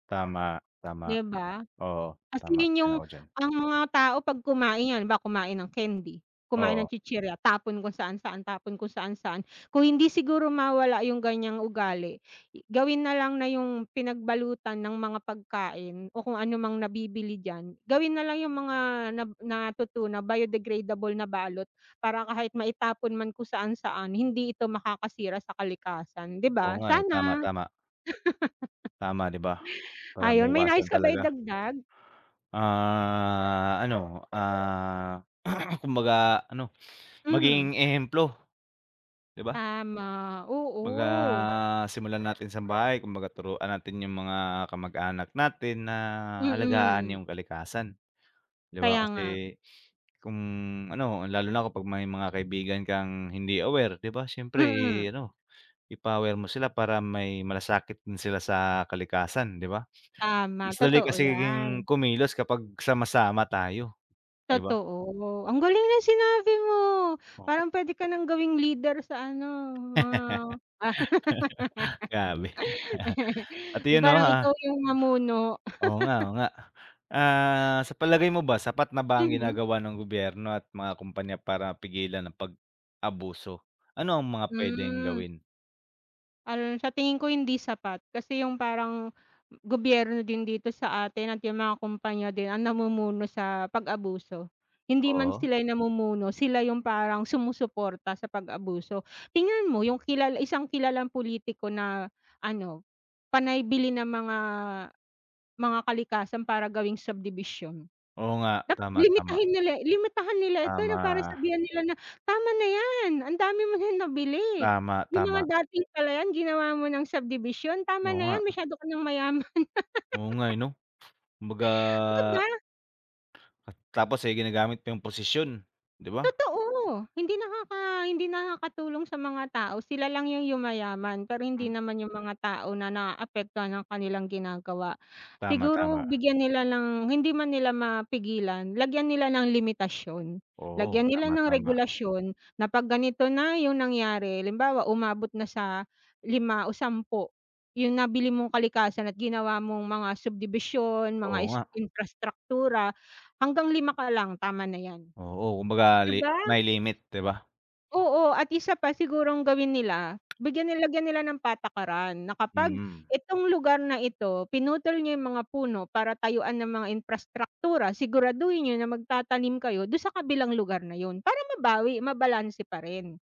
Tama, tama. 'Di ba? Oo, Kasi tama. 'yon 'yong Sang-ayon ako diyan. ang mga tao pag kumain 'yan, halimbawa kumain ng candy, kumain ng Oo. chichirya, tapon kung saan-saan, tapon kung saan-saan. Kung hindi siguro mawala 'yong ganiyang ugali, i gawin na lang na 'yong pinagbalutan ng mga pagkain o kung ano mang nabibili diyan, gawin na lang 'yong mga nab natutunaw, biodegradable na balot. Para kahit maitapon man kung saan-saan, hindi ito makakasira sa kalikasan, 'di Oo ba, nga, eh. Tama, sana. tama. Tama, 'di ba? Para Ayun, may maiwasan nais ka ba talaga. idagdag? Ah, ano, ah, kumbaga ano, Mhm. maging ehemplo, 'di ba. Tama, 'Baga, oo. ah, simulan natin sa bahay, kumbaga turuan natin 'yong mga kamag-anak natin na alagaan Mm. 'yong kalikasan. 'Di ba, Kaya nga. kasi, kung ano, lalo na kung pag may mga kaibigan kang hindi aware, 'di ba, siyempre Mm. ano, ipa-aware mo sila, para may malasakit din sila sa kalikasan, 'di ba. Tama, Mas dali totoo 'yan. kasing kumilos kapag sama-sama tayo, 'di ba. Totoo. Ang galing ng sinabi mo, Oo. parang pwede ka nang gawing leader sa ano, mga ah, Grabe. At iyon, 'Yong 'no, parang ikaw ah 'yong mamuno. Oo nga, oo nga. Ah, sa palagay mo ba, sapat na ba ang Mhm. ginagawa ng gobyerno at mga kumpanya para pigilan ang pag-abuso? Ano ang mga puwedeng Hmm. gawin? Al sa tingin ko hindi sapat. Kasi 'yong parang, m gobyerno din dito sa atin at 'yong mga kumpanya din ang namumuno sa pag-abuso. Hindi man Oo. sila 'yong namumuno, sila 'yong parang sumusuporta sa pag-abuso. Tingnan mo 'yong kilal isang kilalang pulitiko na ano, panay bili ng mga, mga kalikasan para gawing subdivision. Oo nga. Dapat Tama, tama. limitahin nila limitahan nila ito na parang Tama. sabihan nila na, "Tama na 'yan. Ang dami mo na nabili. Tama, 'Yong mga tama. dating palayan ginawa mo ng subdivision, tama Oo na nga. 'yan masyado ka ng mayaman." Oo nga, eh, 'no. Kumbaga 'Di ba? At tapos, eh, ginagamit pa 'yong posisyon, 'di ba. Totoo. Hindi nakaka hindi nakakatulong sa mga tao. Sila lang 'yong yumayaman pero hindi Mhm. naman 'yong mga tao na naapektuhan ng kanilang ginagawa. Tama, Siguro, tama. bigyan nila ng- hindi man nila mapigilan- lagyan nila ng limitasyon, Oo. lagyan nila Tama, ng tama. regulasyon. Na 'pag ganito na 'yong nangyari, halimbawa, umabot na sa 5 o 10, 'yong nabili mong kalikasan at ginawa mong mga subdibisyon, mga Oo is nga. imprastraktura, hanggang 5 ka lang tama na 'yan. Oo. Kumbaga 'Di li ba? may limit, 'di ba. Oo, at isa pa sigurong gawin nila, bigyan nila lagyan nila ng patakaran na kapag Mm. itong lugar na ito, pinutol niyo 'yong mga puno para tayuan ng mga imprastraktura. Siguraduhin niyo na magtatanim kayo do'n sa kabilang lugar na 'yon, para mabawi, mabalanse pa rin.